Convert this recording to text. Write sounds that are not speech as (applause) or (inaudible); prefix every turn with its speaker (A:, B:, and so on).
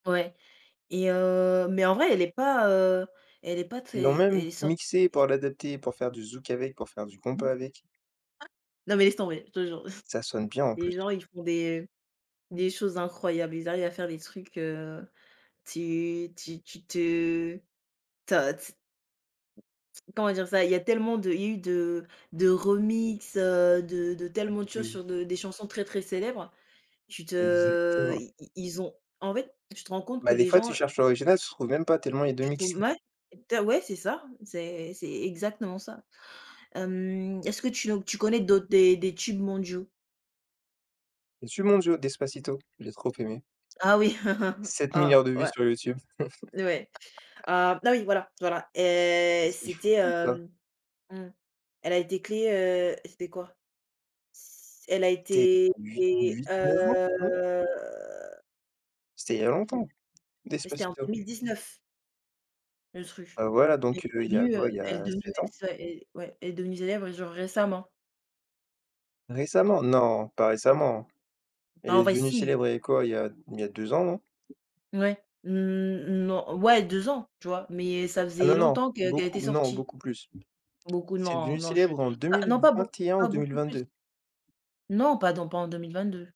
A: Ouais. Et heu, mais en vrai, elle est pas, heu, elle est pas
B: Ils l'ont
A: très
B: même
A: elle est sor
B: mixé pour
A: et
B: l'adapter, pour faire du zouk avec, pour faire du compas avec.
A: (unintelligible) Non, mais laisse tomber, je te jure. (chuckles)
B: Ça sonne bien en
A: Les
B: plus.
A: gens, ils font des des choses incroyables, ils arrivent à faire des trucs, heu, tu tu tu te ta ts comment dire ça? Il y a tellement de il y a eu de de remixes, heu, de de
B: Ah
A: tellement
B: beh,
A: de choses
B: oui.
A: sur de des chansons très, très célèbres. Tu te
B: Exactement.
A: i i ils ont en fait, tu te rends compte que
B: Bah, des
A: les
B: fois, tu
A: gens
B: cherches l'original, tu trouves même pas tellement il y a de
A: Tu
B: mixes.
A: trouves mouais, tu as ouais c'est ça, c'est c'est exactement ça, hem. Est-ce que tu nous tu connais d'autres des des tubes mondiaux?
B: Des tubes mondiaux, Despacito, j'ai trop aimé.
A: Ah oui, (chuckles)
B: 7 000 000 000
A: ah
B: de vues
A: ouais
B: sur YouTube.
A: et ouais.
B: (laughs)
A: Ah, bah oui, voilà, voilà. Et
B: C'est
A: c'était
B: fou ça.
A: hem, mmh, elle a été créée, heu, c'était quoi? S elle a
B: C'était
A: été
B: il y a 8-
A: et
B: 8-9 ans, non?
A: heu
B: C'était il y a
A: Oh punai
B: longtemps,
A: ouais c'était en deux
B: Despacito.
A: mille dix-neuf. Le truc,
B: Heu, voilà,
A: elle
B: donc
A: est
B: heu, il y a
A: devenue, heu,
B: quoi? Il y
A: elle est
B: a
A: devenue
B: 7
A: ouais
B: ans?
A: c'est ça, ouais, elle est devenue célèbre et genre récemment.
B: Récemment, non pas récemment, elle
A: En
B: est
A: vrai
B: devenue
A: si.
B: célèbre il y a quoi? Il y a il y a 2 ans, non?
A: Ouais, mmh, mmh, non, ouais 2 ans, tu vois? Mais, ça
B: Ah
A: faisait
B: non, non,
A: longtemps que qu'elle était
B: beaucoup non
A: sortie.
B: beaucoup plus.
A: Beaucoup
B: C'est
A: non,
B: devenu
A: non, je
B: célèbre en deux
A: ah
B: mille
A: non pas beau
B: vingt-et-un ou
A: pas beaucoup plus.
B: 2022.
A: Non, pas dans pas en 2022.